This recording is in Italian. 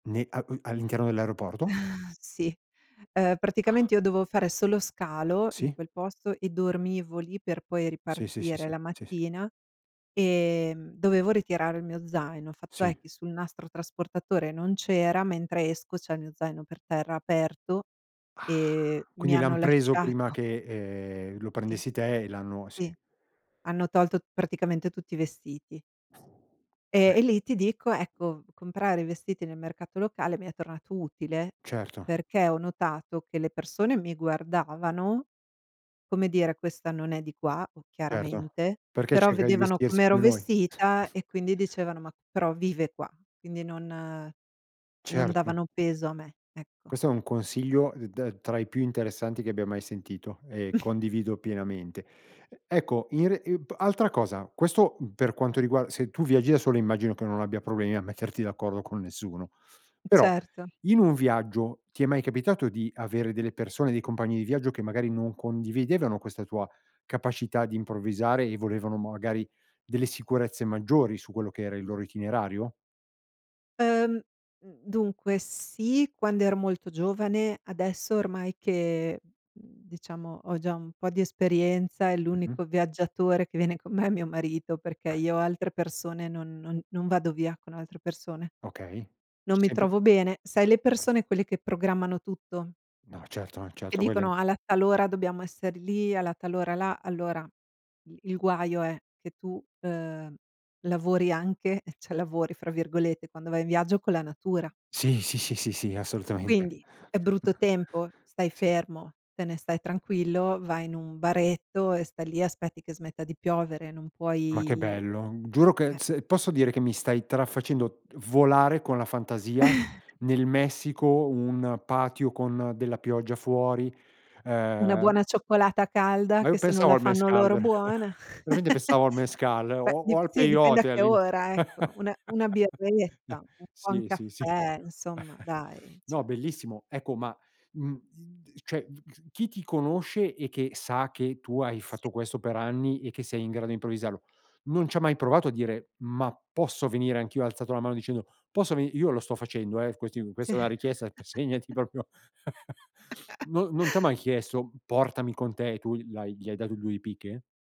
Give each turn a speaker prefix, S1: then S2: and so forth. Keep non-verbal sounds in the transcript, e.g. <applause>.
S1: Nè a uhm, all'interno dell'aeroporto?
S2: <chuckles> Sì. Uhm,
S1: Ah. <exhales>
S2: praticamente io dovevo fare solo scalo in
S1: Sì.
S2: quel posto e dormivo lì per poi
S1: Sì, sì, sì,
S2: ripartire
S1: sì.
S2: la
S1: Sì, sì.
S2: mattina. Ehm, dovevo ritirare il mio zaino. Il fatto è
S1: Sì.
S2: che sul nastro trasportatore non c'era, mentre esco c'è il mio zaino per terra, aperto,
S1: Ah!
S2: e mi
S1: Quindi l'han
S2: hanno
S1: preso
S2: lasciato
S1: prima che, ehm, lo
S2: Sì.
S1: prendessi te e l'hanno sì.
S2: Sì, hanno tolto praticamente tutti i vestiti. Ehm, e
S1: <blows air> Eh
S2: lì ti dico, ecco, comprare i vestiti nel mercato locale mi è tornato utile
S1: Certo.
S2: perché ho notato che le persone mi guardavano, come dire: "Questa non è di qua
S1: Certo.
S2: chiaramente".
S1: Perché
S2: Però
S1: cercava di
S2: vedevano
S1: vestirsi
S2: com'ero
S1: come noi?
S2: vestita e quindi
S1: <chuckles>
S2: dicevano: "Ma però vive qua", quindi non non
S1: Certo.
S2: davano peso a me, ecco.
S1: Questo è un consiglio, uhm, d tra i più interessanti che abbia mai sentito e
S2: <chuckles>
S1: condivido pienamente. Ecco, in re ap altra cosa, questo, per quanto riguarda se tu viaggi da solo, immagino che non abbia problemi a metterti d'accordo con nessuno. Però
S2: Certo.
S1: in un viaggio ti è mai capitato di avere delle persone, dei compagni di viaggio, che magari non condividevano questa tua capacità di improvvisare e volevano magari delle sicurezze maggiori su quello che era il loro itinerario?
S2: Uhm, mhmm, dunque sì, quando ero molto giovane. Adesso ormai che, mhmm, diciamo ho già un po' di esperienza, e
S1: Mh-mh.
S2: l'unico viaggiatore che viene con me è mio marito, perché
S1: <chuckles>
S2: io altre persone, non non non vado via con altre persone.
S1: Okay. C'è
S2: Non mi
S1: sempre
S2: trovo bene. Sai le persone quelle che programmano tutto
S1: No certo no
S2: e
S1: certo, quelli
S2: dicono: "Alla tal ora dobbiamo esser lì, alla tal ora là." Allora i il guaio è che tu, uhm, lavori anche, cioè "lavori" fra virgolette, quando vai in viaggio con la natura.
S1: Sì, sì, sì, sì. Assolutamente,
S2: Quindi, è brutto
S1: <chuckles>
S2: tempo? Stai
S1: sì.
S2: fermo, te ne stai tranquillo, vai in un baretto e stai lì e aspetti che smetta di piovere. Non
S1: Ma che
S2: puoi
S1: bello.
S2: eh.
S1: Giuro che se posso dire che mi stai tra facendo d volare con la fantasia
S2: <chuckles>
S1: nel Messico, un patio con della pioggia fuori,
S2: Una
S1: ehm
S2: buona cioccolata
S1: Ma
S2: calda, che
S1: io
S2: se non
S1: pensavo
S2: la
S1: al
S2: fanno
S1: mezcal
S2: loro
S1: vera
S2: buona.
S1: <chuckles> veramente
S2: <chuckles>
S1: pensavo al mezcal
S2: Beh
S1: o o
S2: di
S1: al
S2: sì, dipende a
S1: peyote al
S2: che
S1: limite.
S2: ora, ecco.
S1: <chuckles>
S2: Una una
S1: N
S2: birretta, un buon
S1: sì, sì, sì.
S2: caffè, insomma
S1: <chuckles>
S2: dai,
S1: No,
S2: cioè
S1: bellissimo. Ecco, ma, mhmm, i d cioè, chi ti conosce e che sa che tu hai
S2: Sì.
S1: fatto questo per anni e che sei in grado di improvvisarlo, non c'ha mai provato a dire: "Ma posso venire anch'io?" Ha alzato la mano dicendo: "Posso veni" Io lo sto facendo, eh, quest
S2: Sì.
S1: questa è una richiesta, segnati
S2: <chuckles>
S1: proprio <chuckles>
S2: <chuckles>
S1: No non t'ha mai chiesto: "Portami con te", e tu l'hai gli hai dato due di picche?